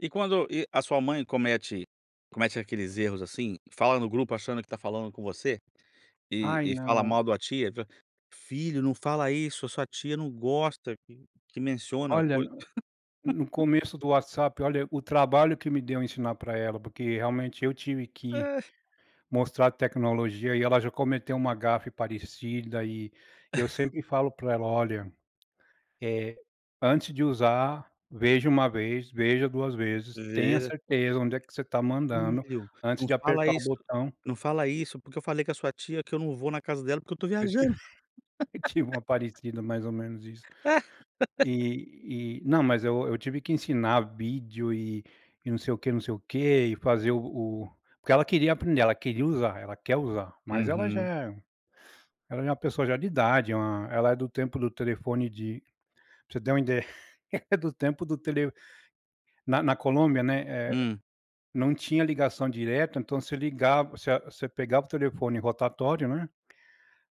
E quando e a sua mãe comete comete aqueles erros, assim, fala no grupo achando que tá falando com você? E Ai, e fala não. mal de uma tia, v "filho, não fala isso. A sua tia não gosta q que menciona, Olha, coi" n no começo do WhatsApp, olha, o trabalho que me deu ensinar pra ela, porque, realmente, eu tive que É. mostrar a tecnologia. E ela já cometeu uma gafe parecida. E eu sempre falo pra ela: "Olha, eh, antes de usar, veja 1 vez, veja 2 vezes. Tenha Veja certeza onde é que você tá mandando, "filho, antes não de fala apertar o isso botão". não fala isso, porque eu falei com a sua tia, que eu não vou na casa dela, porque, eu tô Eu tive viajando". eu tive uma parecida, mais ou menos, isso. E e não, mas eu eu tive que ensinar vídeo e e não sei o que, não sei o quê. E fazer o o porque ela queria aprender, ela queria usar, ela quer usar. Mas, ela já Uhum. é ela já é uma pessoa já de idade, é uma hã, ela é do tempo do telefone de pra você ter uma ideia, ela é do tempo do tele na na Colômbia, né, eh, Hum não tinha ligação direta, então, você ligav você você pegava o telefone rotatório, né.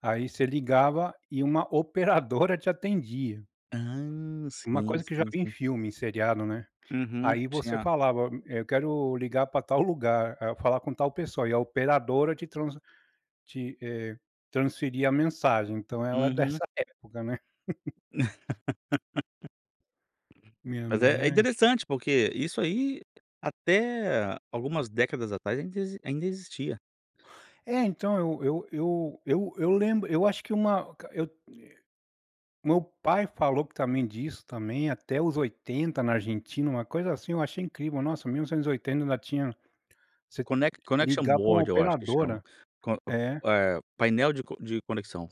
Aí, você ligava e uma operadora te atendia. Hã. Uma Sim, coisa que já sim, vi em sim. filme e seriado, né. Uhum. Aí, você Tinha falava: "M eu quero ligar pra tal lugar. Ah, falar com tal pessoa". E a operadora te trans te eh, transferia a mensagem. Então, ela é Uhum. dessa época, né. Minha Pois mãe é. É é interessante, porque isso aí até algumas décadas atrás ainda exi ainda existia. É. Então, eu eu eu eu eu lembro eu acho que uma o ca eu, eh meu pai falou também, disso, também, até os 80, na Argentina, uma coisa assim, eu achei incrível. Nossa, 1980, ainda tinha você Connec connection ligar pra uma board, eu acho que chama. operadora. Con É. eh, painel de co de conexão.